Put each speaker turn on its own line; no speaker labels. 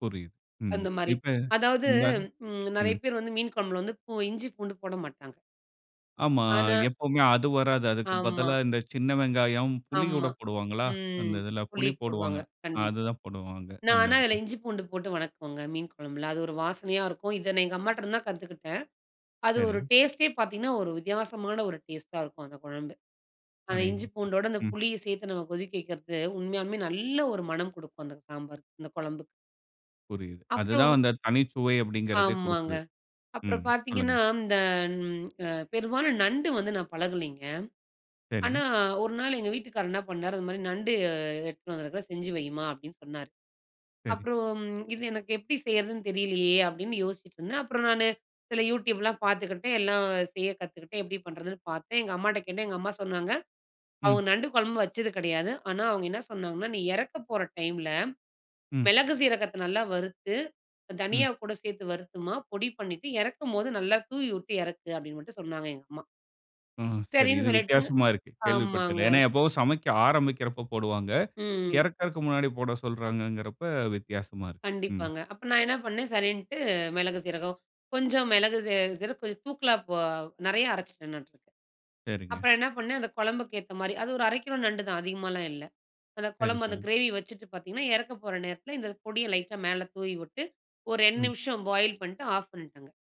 புரியுது. ம்.
அந்தமாரி.
இப்ப
அதாவது
இந்த
ம் நெறைய
ம்.
பேர் வந்து மீன் கொழம்புல வந்து பூ இஞ்சி பூண்டு போடமாட்டாங்க.
ஆமா.
ஆனா
எப்பவுமே அது வராது. அதுக்கு
ஆமா.
பதிலா இந்த சின்ன வெங்காயம், புளி கூட
ஆமா.
போடுவாங்களா? அந்த
ம்.
இதுல,
புளி
புளி
போடுவாங்க
போடுவாங்க.
கண்டிப்பா.
அதுதான் போடுவாங்க.
நான்
அந்த
ஆனா அதுல
இதுல.
இஞ்சி பூண்டு போட்டு வணக்குவங்க, மீன் கொழம்புல. அது ஒரு வாசனையா இருக்கும். இத நான் எங்க அம்மாட்டருந்து தான் கத்துக்கிட்டேன். அது ஒரு
சரி.
டேஸ்ட்டே பார்த்தீங்கன்னா, ஒரு வித்தியாசமான ஒரு டேஸ்ட்டா இருக்கும் அந்த கொழம்பு. அந்த இஞ்சி
அடேங்கப்பா!
பூண்டோட, அந்த
ம்.
புளியும் சேர்த்து நம்ம கொதிக்க வைக்கிறது, உண்மையாலுமே நல்ல ஒரு மனம் குடுக்கும், அந்த சாம்பார் அந்த கொழம்புக்கு.
புரியுது. அதுதான்
அப்புறம்
அந்த தனி சுவை அப்பிடீங்கிறதே
ஆமாங்க.
குடுக்குது.
அப்புறம்
ம்.
பார்த்தீங்கன்னா,
சொல்லுங்க.
இந்த அம் அ பெரும்பாலும் நண்டு வந்து நான் பழகலேங்க. ஆனா,
சரி.
ஒரு நாள் எங்க வீட்டுக்காரர் என்னா பண்ணாரு, "இதுமாரி நண்டு அ எடுத்துன்னு வந்திருக்குறேன். செஞ்சு வைம்மா." அப்பிடீன்னு சொன்னாரு.
சரி.
அப்புறம், "இது எனக்கு எப்பிடி செய்றதுன்னு தெரியலயே!" அப்பிடீன்னு யோசிச்சிட்டுருந்தேன். அப்பறம் நானு சில YouTubeலாம் பார்த்துக்கிட்டேன். எல்லாம் செய்ய கத்துக்கிட்டேன். எப்பிடி பண்ணுறதுன்னு பார்த்தேன். எங்க அம்மாட்ட கேட்டேன். எங்க அம்மா சொன்னாங்க,
ம்.
அவுங்க நண்டு கொழம்பு வச்சது கெடையாது. ஆனா, அவங்க என்ன சொன்னாங்கன்னா, "நீ இறக்கப் போற டைம்ல
ம்.
மிளகு சீரகத்த நல்லா வறுத்து, அ
ம்.
தனியா கூட சேர்த்து வறுத்தும்மா, பொடி பண்ணிட்டு, இறக்கும்போது நல்லா தூவி விட்டு இறக்கு." அப்பிடீன்னு மட்டும் சொன்னாங்க, எங்க அம்மா.
ஆ, சரி.
சரின்னு
இது
சொல்லிட்டுங்க
வித்தியாசமா இருக்கு.
ஆமாங்க.
கேள்விப்பட்டதில்ல. ஏன்னா, எப்பவும் சமைக்க ஆரம்பிக்கிறப்ப போடுவாங்க.
ம்.
இறக்கறக்கு முன்னாடி போட சொல்றாங்கங்கிறப்ப வித்தியாசமா இருக்கு. ம்.
கண்டிப்பாங்க. அப்ப நான் என்னா பண்னேன், சரின்ட்டு மிளகு, சீரகம், கொஞ்சம் மிளகு சீ சீரகம், கொஞ்சம் தூக்கலா போ நெறைய அரச்சுட்டேன்னாட்ருக்கு.
சரிங்க.
அப்ப என்னா பண்னேன், அந்த குழம்புக்கு ஏத்த மாரி, அது ஒரு 1/2 கிலோ நண்டு தான். அதிகமால்லாம் இல்ல. அதக்
சரி,
கொழம்பு, அந்த
சரி.
கிரேவிய வச்சுட்டு பார்த்தீங்கன்னா, இறக்க போற நேரத்தில இந்த பொடிய லைட்டா மேல தூவி விட்டு, ஒரு ரெண்டு
ம்.
நிமிஷம் பாயில் பண்ட்டு, ஆஃப் பண்ணிட்டேங்க.